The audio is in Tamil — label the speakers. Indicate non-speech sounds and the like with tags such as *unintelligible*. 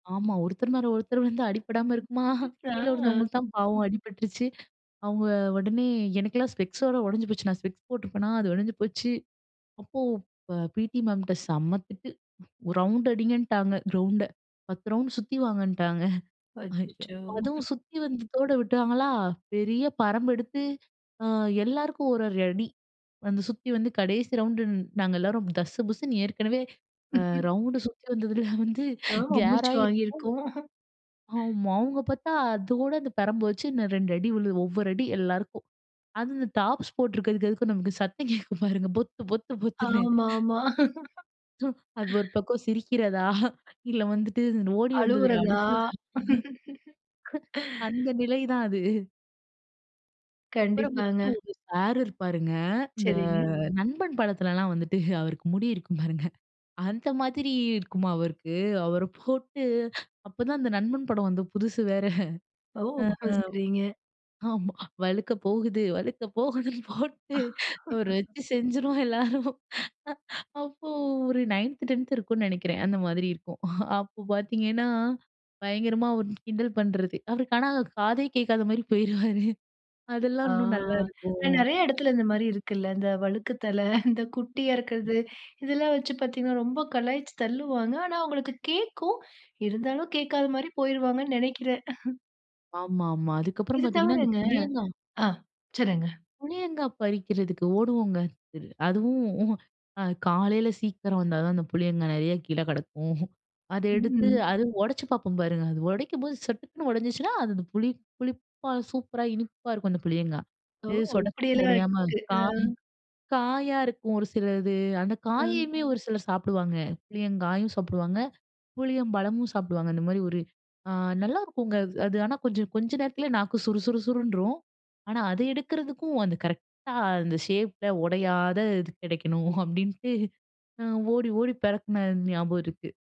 Speaker 1: ஆமா. ஒருத்தர் மேல ஒருத்தர் விழுந்தா அடிபடாம
Speaker 2: ம்.
Speaker 1: இருக்குமா? *chuckles* கீழ
Speaker 2: அ,
Speaker 1: விழுந்தவங்களுக்கு தான் பாவம் அடிபட்டுருச்சி. அவங்க உடனே எனக்கெல்லாம் ஸ்பெக்ஸோட உடைஞ்சு போச்சு. நான் ஸ்பெக்ஸ் போட்டிருப்பேனா, அது உடைஞ்சு போச்சு. அப்போ ப பிடி மேம்ட்ட செம்ம திட்டு. ரவுண்ட் அடிங்கன்ட்டாங்க கிரவுண்டை 10 ரவுண்ட் சுத்தி வாங்கன்ட்டாங்க. *chuckles*
Speaker 2: அச்சச்சோ!
Speaker 1: *unintelligible* அதுவும்
Speaker 2: *chuckles*
Speaker 1: சுத்தி வந்ததோட விட்டாங்களா, பெரிய பரம்பு எடுத்து ஆ, எல்லாருக்கும் 1, 1 அடி. வந்து சுத்தி வந்து கடைசி ரவுண்டு நாங்க எல்லோரும் தஸ்ஸு புஸ்ன்னு ஏற்கனவே ரவுண்டு
Speaker 2: *chuckles*
Speaker 1: சுத்தி வந்ததில வந்து
Speaker 2: ஆமா.
Speaker 1: *chuckles*
Speaker 2: மூச்சு
Speaker 1: கேராயி
Speaker 2: வாங்கியிருக்கும். *chuckles*
Speaker 1: இருக்கும். ஆமா. அவங்க பார்த்தா அதோட அந்த பெரம்பு வச்சு இன்னும் 2 அடி விழுவும், ஒவ்வொரு அடி எல்லாருக்கும். அதுவும் இந்த டாப்ஸ் போட்டு இருக்கதுக்கு அதுக்கும் நமக்கு சத்தம் கேட்கும் பாருங்க, பொத்து பொத்து பொத்துனு.
Speaker 2: ஆமாமா. *laughs*
Speaker 1: ஆ, ஒரு பக்கம் சிரிக்கிறதா? இல்ல வந்துட்டு ஓடி வந்ததுல
Speaker 2: அழுவுறதா?
Speaker 1: அழுகிறதா?
Speaker 2: *laughs*
Speaker 1: அந்த நிலை தான் அது. *chuckles* அப்புறம் வந்து
Speaker 2: கண்டிப்பாங்க.
Speaker 1: ஒரு சார் இருப்பாருங்க இந்த
Speaker 2: செரிங்க.
Speaker 1: நண்பன் படத்துலலாம் வந்துட்டு *chuckles* அவருக்கு முடி இருக்கும் பாருங்க. அந்த மாதிரி இருக்குமா அவருக்கு அவரை போட்டு அப்பதான் அந்த நண்பன் படம் வந்த புதுசு வேற.
Speaker 2: ஓ!
Speaker 1: அ,
Speaker 2: சரிங்க.
Speaker 1: ஆமா. வழுக்க போவுது வழுக்க போவுதுன்னு போட்டு அவரை
Speaker 2: *laughs*
Speaker 1: வச்சு செஞ்சுருவோம் எல்லாரும். அ, அப்போ ஒரு 9த், 10த் இருக்கும்னு நினைக்கிறேன் அந்த மாதிரி இருக்கும். *chuckles* அப்ப பார்த்தீங்கன்னா, பயங்கரமா அவர கிண்டல் பண்றது. அவருக்கு ஆனா காதே கேட்காத மாரி போயிடுவாரு. அதெல்லாம்
Speaker 2: ஆ,
Speaker 1: இன்னும்
Speaker 2: ஆனா,
Speaker 1: நல்லாயிருக்கும்.
Speaker 2: நிறைய இடத்துல இந்த மாரி இருக்குல்ல, இந்த வழுக்கு தலை இந்த குட்டியா இருக்கறது, இதெல்லாம் வச்சு பார்த்தீங்கன்னா, ரொம்ப கலாய்ச்சு தள்ளுவாங்க. ஆனா அவங்களுக்கு கேட்கும், இருந்தாலும் கேட்காத மாரி போயிருவாங்கன்னு நினைக்கிறேன். *chuckles*
Speaker 1: ஆமா, ஆமா. அதுக்கப்புறம்
Speaker 2: இது
Speaker 1: பார்த்தீங்கன்னா, அந்த
Speaker 2: தவிரங்க
Speaker 1: புளியங்கா
Speaker 2: ஆ, சொல்லுங்க.
Speaker 1: புளியங்கா பறிக்கிறதுக்கு ஓடுவோங்க. அதுவும் *chuckles* அ, காலையில சீக்கிரம் வந்தா தான் அந்த புளியங்காய் நிறைய கீழ கெடக்கும். *chuckles* அதை எடுத்து,
Speaker 2: ம்.
Speaker 1: அத உடைச்சி பார்ப்போம் பாருங்க, அது உடைக்கும்போது சட்டுக்குன்னு உடைஞ்சிச்சினா, அது அந்த புளி புளிப்பா சூப்பரா இனிப்பா இருக்கும் அந்த புளியங்காய்.
Speaker 2: ஓ!
Speaker 1: இது சொடக்குன்னு
Speaker 2: இப்படியெல்லாம்
Speaker 1: உடையாம
Speaker 2: இருக்கு.
Speaker 1: காய்
Speaker 2: அ.
Speaker 1: காயா இருக்கும் ஒரு சிலது. அந்த
Speaker 2: ஆ.
Speaker 1: காயையுமே ஒரு சிலர் சாப்புடுவாங்க. புளியங்காயும் சாப்புடுவாங்க, புளியம்பழமும் சாப்புடுவாங்க. அந்த மாரி ஒரு, அ, நல்லாயிருக்கும்ங்க. அது அது ஆனா, கொஞ்சம் கொஞ்ச நேரத்துல நாக்கு சுறு சுறு சுர்ருன்றும். ஆனா அதை எடுக்கிறதுக்கும் அந்த கரெக்ட்டா அந்த ஷேப்ல உடையாத இது கிடைக்கணும் *chuckles* அப்படின்ட்டு, அ, ஓடி ஓடி பெறக்கின ஞாபகம் இருக்கு.